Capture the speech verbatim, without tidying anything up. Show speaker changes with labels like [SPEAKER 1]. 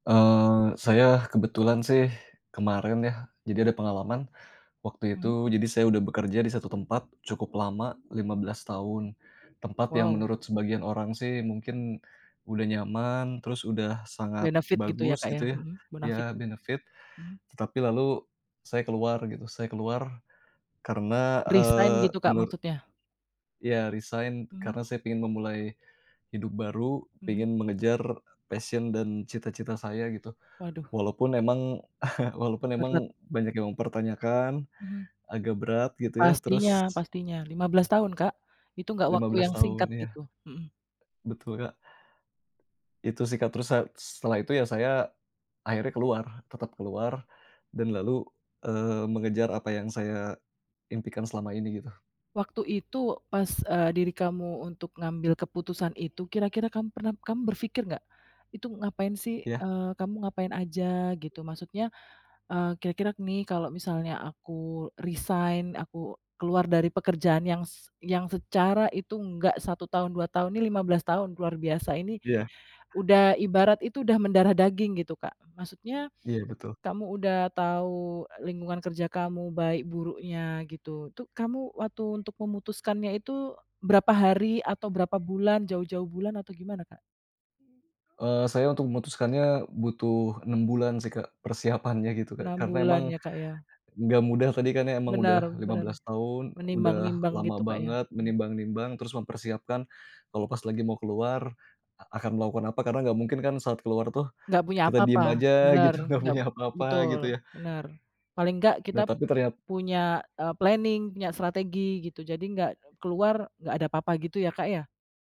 [SPEAKER 1] Eee, saya kebetulan sih kemarin ya, jadi ada pengalaman, waktu
[SPEAKER 2] Mhm.
[SPEAKER 1] itu jadi saya udah bekerja di satu tempat cukup lama, lima belas tahun, tempat yang
[SPEAKER 2] Wow.
[SPEAKER 1] menurut sebagian orang sih mungkin udah nyaman, terus udah sangat
[SPEAKER 2] Benefit gitu ya,
[SPEAKER 1] bagus,
[SPEAKER 2] Kak, ya,
[SPEAKER 1] gitu ya,
[SPEAKER 2] mhm,
[SPEAKER 1] ya
[SPEAKER 2] bonafid, gitu.
[SPEAKER 1] benefit.
[SPEAKER 2] Hmm.
[SPEAKER 1] Tetapi lalu saya keluar gitu, saya keluar karena,
[SPEAKER 2] Resign
[SPEAKER 1] eee,
[SPEAKER 2] gitu, Kak,
[SPEAKER 1] menurut
[SPEAKER 2] maksudnya?
[SPEAKER 1] Ya resign
[SPEAKER 2] Hmm.
[SPEAKER 1] karena saya pengen memulai hidup baru,
[SPEAKER 2] Mhm.
[SPEAKER 1] pengen mengejar passion, dan cita-cita saya gitu.
[SPEAKER 2] Waduh.
[SPEAKER 1] Walaupun emang walaupun emang
[SPEAKER 2] Berat.
[SPEAKER 1] banyak yang mempertanyakan,
[SPEAKER 2] Mhm.
[SPEAKER 1] agak berat gitu ya, terus
[SPEAKER 2] Pastinya pastinya, lima belas tahun, Kak, itu gak
[SPEAKER 1] Lima
[SPEAKER 2] waktu
[SPEAKER 1] belas
[SPEAKER 2] yang
[SPEAKER 1] tahun,
[SPEAKER 2] singkat
[SPEAKER 1] iya.
[SPEAKER 2] gitu, mhm.
[SPEAKER 1] Betul, Kak. Itu sih, Kak, terus sa setelah itu ya saya akhirnya keluar, tetap keluar, dan lalu, eee, mengejar apa yang saya impikan selama ini, gitu.
[SPEAKER 2] Waktu itu pas, eee, diri kamu untuk ngambil keputusan itu kira-kira kamu pernah kamu berpikir gak, itu ngapain sih,
[SPEAKER 1] Iya.
[SPEAKER 2] eee, kamu ngapain aja? Gitu. Maksudnya, eee, kira-kira nih kalau misalnya aku resign, aku keluar dari pekerjaan yang se yang secara itu enggak satu tahun, dua tahun, ini lima belas tahun, luar biasa ini,
[SPEAKER 1] Iya.
[SPEAKER 2] udah, ibarat itu udah mendarah daging gitu, Kak. Maksudnya,
[SPEAKER 1] Iya, betul.
[SPEAKER 2] kamu udah tahu lingkungan kerja kamu baik buruknya, gitu, itu kamu waktu untuk memutuskannya itu berapa hari atau berapa bulan jauh-jauh bulan atau gimana, Kak?
[SPEAKER 1] Eee, saya untuk memutuskannya butuh enam bulan sih, Kak, persiapannya gitu, Kak.
[SPEAKER 2] Enam
[SPEAKER 1] Karena
[SPEAKER 2] bulan
[SPEAKER 1] emang
[SPEAKER 2] ya, Kak, ya?
[SPEAKER 1] nggak mudah tadi kan emang
[SPEAKER 2] Benar
[SPEAKER 1] udah lima
[SPEAKER 2] benar,
[SPEAKER 1] belas tahun, udah
[SPEAKER 2] menimbang-nimbang
[SPEAKER 1] lama
[SPEAKER 2] gitu, Kak, ya?
[SPEAKER 1] banget
[SPEAKER 2] Mhm.
[SPEAKER 1] menimbang-nimbang, terus mempersiapkan kalau pas lagi mau keluar, akan melakukan apa, karena nggak mungkin kan saat keluar tuh
[SPEAKER 2] Nggak punya
[SPEAKER 1] kita
[SPEAKER 2] apa-apa,
[SPEAKER 1] diem aja
[SPEAKER 2] bener,
[SPEAKER 1] gitu nggak
[SPEAKER 2] nggak
[SPEAKER 1] punya apa-apa, gitu
[SPEAKER 2] betul,
[SPEAKER 1] ya.
[SPEAKER 2] bener. Paling nggak kita
[SPEAKER 1] Nah, tapi ternyat
[SPEAKER 2] punya, eee, planning punya strategi gitu, jadi nggak keluar, nggak ada apa-apa, gitu ya, Kak, ya?